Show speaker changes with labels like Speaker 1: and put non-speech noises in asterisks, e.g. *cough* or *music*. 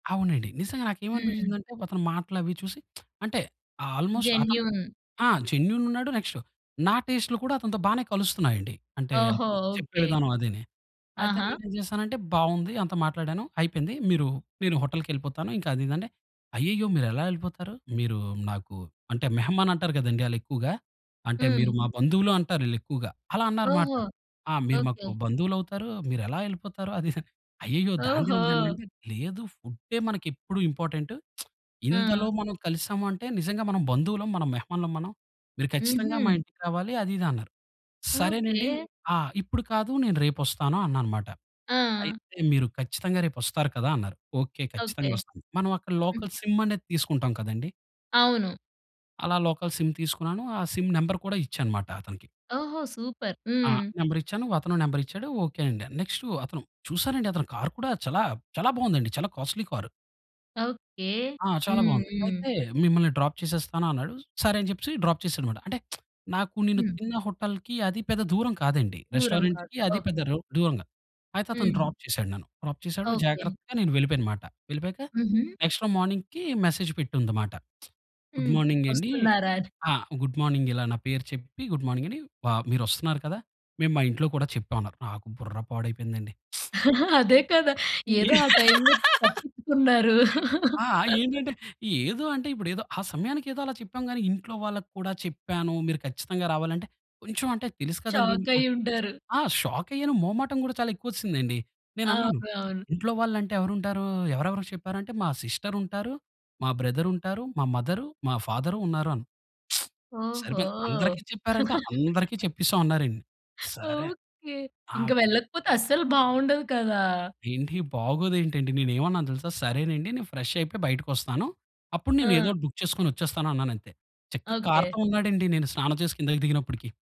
Speaker 1: అవునండి. నిజంగా
Speaker 2: హ్మ్.
Speaker 1: నాకేమనిపించిందంటే? అతని మాటలు అవి చూసి *smacks lips* అంటే ఆల్‌మొస్ట్ అతను
Speaker 2: జెన్యూన్.
Speaker 1: ఆ! జెన్యూన్ ఉన్నాడు, నెక్స్ట్ నా టేస్ట్లు కూడా అతనితో బానే కలుస్తున్నాయండి. అంటే
Speaker 2: ఓహో!
Speaker 1: అతను చెప్పే
Speaker 2: ఓకే.
Speaker 1: విధానం అదీనీ. అయితే
Speaker 2: ఆహా!
Speaker 1: నేనేం జేశానంటే బావుంది. అంత మాట్లాడాను అయిపోయింది. మీరు నేను హోటల్‌కెళ్ళిపోతాను ఇంకా అదిదంటే అయ్యయ్యో! మీరు ఎలా యెళ్ళిపోతారు. మీరు నాకు అంటే మెహమాన్ అంటారు గదండీ ఆళ్ళు ఎక్కువగా. అంటే
Speaker 2: హ్మ్.
Speaker 1: మీరు మా బంధువులు అంటారు ఈళ్ళెక్కువగా. అలా అన్నారు అన్నమాట.
Speaker 2: ఓహో!
Speaker 1: "ఆ! మీరు మాకు
Speaker 2: ఓకే.
Speaker 1: బంధువులు అవుతారు మీరెలా వెళ్ళిపోతారు అది. అయ్యయ్యో! దానిదేముందండి
Speaker 2: ఓహో!
Speaker 1: అంటే లేదు ఫుడ్డే మనకు ఎప్పుడు ఇంపార్టెంట్ *smacks lips* ఇందులో
Speaker 2: ఆ!
Speaker 1: మనం కలిసాము అంటే నిజంగా మనం బంధువులం మనం మెహమానులం మనం. మీరు ఖచ్చితంగా మా
Speaker 2: హుహు.
Speaker 1: ఇంటికి రావాలి అది ఇది అన్నారు." సరేనండి
Speaker 2: ఓకే.
Speaker 1: ఆ! ఇప్పుడు కాదు. నేను రేపొస్తాను అన్నాను మాట.
Speaker 2: ఆ!
Speaker 1: అయితే మీరు ఖచ్చితంగా రేపు ఒస్తారు కదా! అన్నారు. ఓకే.
Speaker 2: ఓకే.
Speaker 1: ఖచ్చితంగా ఒస్తాను. మనం అక్కడ
Speaker 2: హ్మ్.
Speaker 1: లోకల్ సిమ్ అనేది తీసుకుంటాం కదండీ!
Speaker 2: అవును.
Speaker 1: అలా లోకల్ సిమ్ తీసుకున్నాను. ఆ సిమ్ నంబర్ కూడా ఇచ్చా అన్నమాట అతనికి.
Speaker 2: ఓహో! సూపర్.
Speaker 1: ఆ!
Speaker 2: హ్మ్.
Speaker 1: నంబర్ ఇచ్చాను. అతను నంబర్ ఇచ్చాడు. ఓకే అండి. నెక్స్ట్ అతను చూసారండి అతను కార్ కూడా చాలా చాలా బావుందండి. చాలా కాస్ట్‌లీ కారు.
Speaker 2: ఓకే.
Speaker 1: ఆ! చాలా
Speaker 2: హ్మ్.
Speaker 1: బావుంది.
Speaker 2: హ్మ్.
Speaker 1: అయితే మిమ్మల్ని డ్రాప్ చేసేస్తాను అన్నాడు. సరే అని చెప్పేసి డ్రాప్ చేసాడు మాట. అంటే *smacks lips* నాకు నేను
Speaker 2: హ్మ్.
Speaker 1: తిన్న హోటల్‌కి అది పెద్ద దూరం కాదండి.
Speaker 2: దూరం కాదు.
Speaker 1: రెస్టారెంట్‌కి అది పెద్ద
Speaker 2: ఓకే.
Speaker 1: రొ దూరం కాదు. అయితే అతను
Speaker 2: హ్మ్.
Speaker 1: డ్రాప్ చేసాడు నన్ను. డ్రాప్ చేసాడు
Speaker 2: ఓకే.
Speaker 1: జాగ్రత్తగా నేను వెళ్ళిపోయను మాట. వెళ్ళిపోయాక
Speaker 2: హుహు.
Speaker 1: నెక్స్ట్ రోజు మార్నింగ్‌కి మెసేజ్ పెట్టుంది అన్నమాట. *smacks lips* గుడ్
Speaker 2: హ్మ్.
Speaker 1: మార్నింగ్ అండి
Speaker 2: వస్తున్నారా అని.
Speaker 1: ఆ! గుడ్ మార్నింగ్ ఇలా నా పేరు చెప్పి గుడ్ మార్నింగ్ అని వ మీరు ఒస్తున్నారు కదా! మేము మా ఇంట్లో కూడా చెప్పాం అన్నారు. నాకు బుర్ర పాడైపోయిందండి. *smacks lips*
Speaker 2: అదే కదా! ఏదో ఆ టైమ్‌లొ
Speaker 1: *laughs*
Speaker 2: తప్పించుకున్నారు.
Speaker 1: ఆ!
Speaker 2: *chuckles*
Speaker 1: ఏంటంటే ఏదో అంటే ఇప్పుడు ఏదో ఆ సమయానికి ఏదో అలా చెప్పాం గానీ ఇంట్లో వాళ్ళకి కూడా చెప్పాను, మీరు ఖచ్చితంగా రావాలంటే కొంచెం అంటే తెలుసు కదండీ.
Speaker 2: షాకయ్యి ఉంటారు.
Speaker 1: ఆ! షాక్ అయ్యాను. మొహమాటం గూడా చాలా ఎక్కువ ఒస్సింది అండి. నేను
Speaker 2: అవును.
Speaker 1: అన్నాను
Speaker 2: అవును.
Speaker 1: ఇంట్లో వాళ్ళు అంటే ఎవరుంటారు ఎవరెవరికి చెప్పారు? అంటే మా సిస్టర్ ఉంటారు. మా బ్రదర్ ఉంటారు. మా మదర్ మా ఫాదర్ ఉన్నారు అని *smacks lips*
Speaker 2: ఓహో!
Speaker 1: సరిపోయింది. అందరికి చెప్పారంటే అందరికీ
Speaker 2: *laughs*
Speaker 1: చెప్పేసాం అన్నారండి. సరే.
Speaker 2: ఓకే. ఇంకా
Speaker 1: నాకు
Speaker 2: వెళ్ళకపోతే అస్సలు బావుండదు కదా!
Speaker 1: ఏంటి బాగోదు ఏంటండి. నేను ఏన్నావను తెలుసా? సరేనండి నేను ఫ్రెష్ అయిపోయి బయటికొస్తాను. అప్పుడు నేను ఏదో
Speaker 2: ఆ!
Speaker 1: ఒకటి బుక్ చేసుకొని ఒచ్చేస్తాను అన్నానంతే చక్కగా
Speaker 2: ఓకే.
Speaker 1: కార్‌తో ఉన్నాడండి నేను స్నానం చేసి కిందకి దిగినప్పటికి.